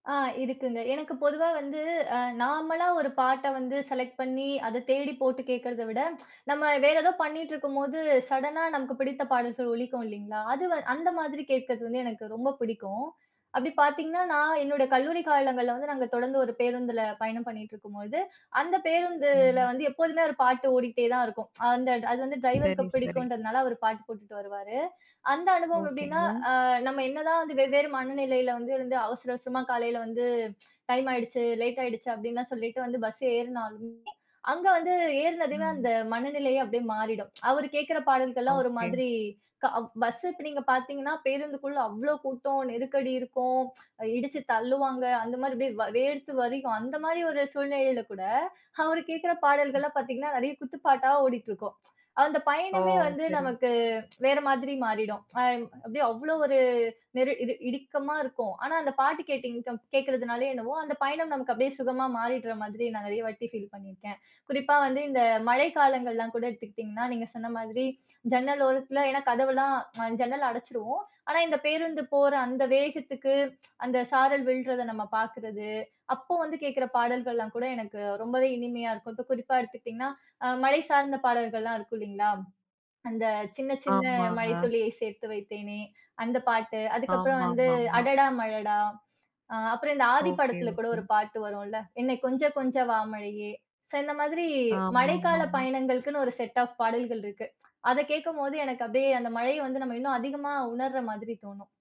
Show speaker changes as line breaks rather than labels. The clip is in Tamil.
ஆ இருக்குங்க. எனக்கு பொதுவா வந்து அ நாமளா ஒரு பாட்ட வந்து செலக்ட் பண்ணி அத தேடி போட்டு கேக்கறத விட, நம்ம வேறு ஏதோ பண்ணிக்கிட்டிருக்கும்போது சடனா நமக்கு பிடித்த பாடல்கள் ஒலிக்கும் இல்லிங்களா? அது வ அந்த மாதிரி கேட்கிறது வந்து எனக்கு ரொம்ப பிடிக்கும். அப்படி பாத்தீங்கன்னா, நான் என்னோட கல்லூரி காலங்கள்ல வந்து நாங்க தொடர்ந்து ஒரு பேருந்துல பயணம் பண்ணிகிட்டுருக்கும்பொழுது, அந்த பேருந்துல
ம்.
வந்து எப்போதுமே ஒரு பாட்டு ஓடிகிட்டே தான் இருக்கும். அந்த அது வந்து டிரைவருக்கு
சரி, சரி.
பிடிக்குன்றதுனால அவர் பாட்டு போட்டுட்டு வருவாரு. அந்த அனுபவம் எப்படின்னா,
ஓகேங்க.
அ நம்ம என்னதான் வந்து வெவ்வேறு மனநிலையில வந்து இருந்து அவசர அவசரமா காலையில வந்து, டைம் ஆயிடுச்சு, லேட் ஆயிடுச்சு அப்படின்லாம் சொல்லிட்டு வந்து பஸ் ஏறுனாலுமே, அங்க வந்து ஏறுனதுமே
ம்.
அந்த மனநிலையே அப்படியே மாறிடும். அவரு கேக்குற பாடல்கள்லாம் ஒரு
ஓகே.
மாதிரி க வ் பஸ் இப்ப நீங்க பாத்தீங்கன்னா பேருந்துக்குள்ள அவ்வளவு கூட்டம், நெருக்கடி இருக்கும், இடிச்சு தள்ளுவாங்க. அந்த மாதிரி அப்படியே வ வேர்த்து வழியும் அந்த மாரி ஒரு சூழ்நிலையில கூட அவரு கேக்குற
ம்.
பாடல்கள்லாம் பாத்தீங்கன்னா நிறைய குத்து பாட்டா ஓடிட்டிருக்கும். அந்த
ஓ!
பயணமே வந்து
சரி.
நமக்கு வேற மாதிரி மாறிடும். அ ம் அப்படியே அவ்ளோவொரு நெரு இரு இறுக்கமா இருக்கும். ஆனா அந்த பாட்டு கேட்டீங்க கம் கேட்கிறதுனாலேயோ என்னவோ, அந்த பயணம் நமக்கு அப்படியே சுகமா மாறிடுற மாதிரி நான் நிறைய வாட்டி ஃபீல் பண்ணிருக்கேன். குறிப்பா வந்து இந்த மழை காலங்கள்லாம் கூட எடுத்துக்கிட்டீங்கன்னா, நீங்க சொன்ன மாதிரி ஜன்னல் ஓரத்துல ஏன்னா கதவெல்லாம் அ ஜன்னல அடைச்சுடுவோம். ஆனா இந்த பேருந்து போற அந்த வேகத்துக்கு அந்த சாரல் விழுறத நம்ம பாக்கறது, அப்போ வந்து கேக்குற பாடல்கள்லாம் கூட எனக்கு ரொம்பவே இனிமையா இருக்கும். இப்போ குறிப்பா எடுத்துக்கிட்டீங்கன்னா, அ மழை சார்ந்த பாடல்கள்லாம் இருக்கும் இல்லிங்களா, அந்த "சின்ன சின்ன மழை
ஆமாங்க.
துளியை சேர்த்து வைத்தேனே", அந்த பாட்டு, அதுக்கு அப்புறம் வந்து
ஆமாமாமா.
"அடடா மழடா" அ அப்புறம், இந்த ஆதி
ஓகே,
படத்துல கூட
ஓகே.
ஒரு பாட்டு வரும்ல்ல? "என்னை கொஞ்ச கொஞ்ச வா மழையே". ஸோ இந்த மாதிரி மழைக்கால
ஆமாமாமா.
பயணங்களுக்குன்னு ஒரு செட் ஆஃப் பாடல்கள் இருக்கு. அத கேட்கும்போது எனக்கு அப்படியே அந்த மழைய வந்து நம்ம இன்னும் அதிகமா உணர்ற மாதிரி தோணும்.